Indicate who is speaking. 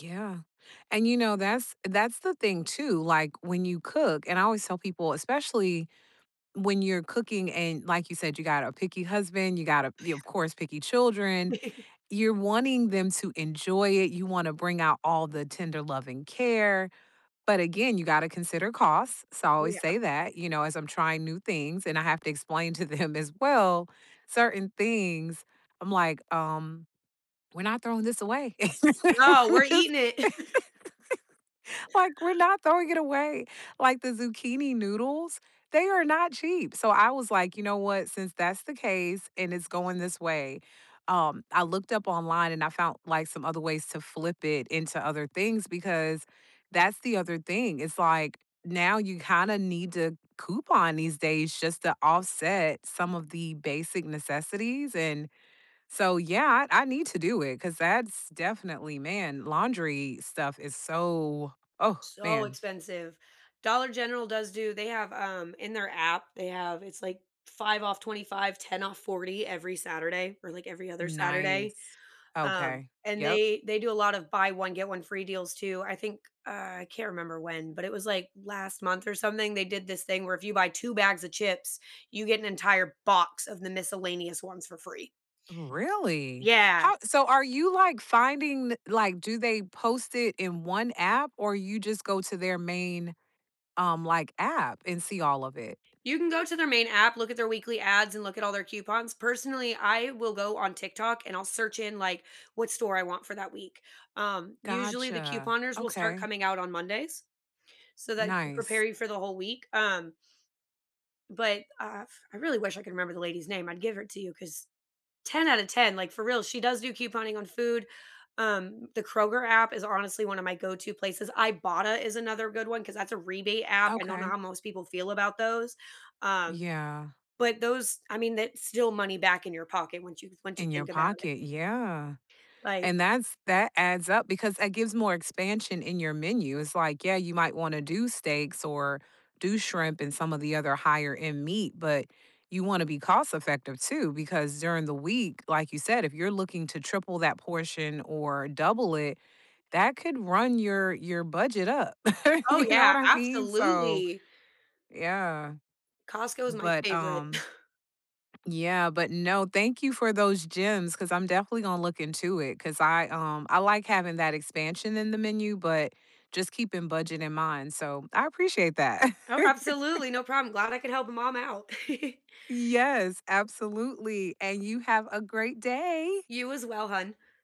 Speaker 1: Yeah, and, you know, that's that's the thing too, like, when you cook and I always tell people, especially when you're cooking and, like you said, you got a picky husband, you got a
Speaker 2: Ooh,
Speaker 1: you of
Speaker 2: yeah
Speaker 1: course, picky children. You're wanting them to enjoy it, you want to bring out all the tender love and care. But again, you got to consider costs, so I always
Speaker 2: Yeah.
Speaker 1: say that, you know? As I'm trying new things, and I have to explain to them as well certain things, I'm like, "Um, we're not throwing this away."
Speaker 2: "No,
Speaker 1: We're
Speaker 2: we're
Speaker 1: just
Speaker 2: eating it!"
Speaker 1: like, we're not throwing it away, like, the zucchini noodles? They are not cheap, so I was like, "You know what? Since that's the case and it's going this way" um, I looked up online, and I found, like, some other ways to flip it into other things because that's the other thing, it's like, now you kinda need to coupon these days just to offset some of the basic necessities, and so yeah, I I need to do it 'cause that's definitely man, laundry stuff is so oh,
Speaker 2: So
Speaker 1: man.
Speaker 2: expensive. Dollar General does do they have, um in their app, they have it's, like, 5 off 25, 10 off 40 every Saturday or, like, every other Saturday.
Speaker 1: Nice.
Speaker 2: Um,
Speaker 1: Okay,
Speaker 2: and
Speaker 1: yep.
Speaker 2: they they do a lot of buy one, get one free deals too, I think, uh I can't remember when, but it was, like, last month or something, they did this thing where if you buy 2 bags of chips, you get an entire box of the miscellaneous ones for free.
Speaker 1: Really?
Speaker 2: Yeah.
Speaker 1: How so are you, like, finding th like, do they post it in one app? Or, you just go to their main, um, like, app and see all of it?
Speaker 2: You can go to their main app, look at their weekly ads, and look at all their coupons, personally, I will go on TikTok, and I'll search in, like, what store I want for that week, um, usually, the
Speaker 1: Gotcha,
Speaker 2: couponers will start
Speaker 1: okay.
Speaker 2: coming out on Mondays. So, that could prepare
Speaker 1: Nice.
Speaker 2: you for the whole week, um but, uh, f I really wish I could remember the lady's name, I'd give her to you 'cause 10 out of 10, like, for real, she does do couponing on food, um, the Kroger app is honestly one of my go to places, Ibotta is another good one 'cause that's a rebate app, I don't know
Speaker 1: Okay.
Speaker 2: how most people feel about those, um,
Speaker 1: Yeah.
Speaker 2: but those I mean, that's still money back in your pocket once you once you
Speaker 1: In your
Speaker 2: think about it.
Speaker 1: pocket yeah,
Speaker 2: Like
Speaker 1: and that's that adds up because it gives more expansion in your menu, it's, like, yeah, you might wanna do steaks, or do shrimp, and some of the other higher end meat, but you wanna be cost effective too because during the week, like you said, if you're looking to triple that portion or double it, that could run your your budget up.
Speaker 2: Oh,
Speaker 1: You know what
Speaker 2: yeah,
Speaker 1: I mean? So
Speaker 2: absolutely!
Speaker 1: yeah.
Speaker 2: Costco is my
Speaker 1: But,
Speaker 2: favorite.
Speaker 1: um yeah, but no, thank you for those gems 'cause I'm definitely gonna look into it 'cause I, um I like having that expansion in the menu, but just keeping budget in mind, so I appreciate that.
Speaker 2: Oh, absolutely, no problem, glad I could help a mom out.
Speaker 1: Yes, absolutely, and you have a great day!
Speaker 2: You as well, hon.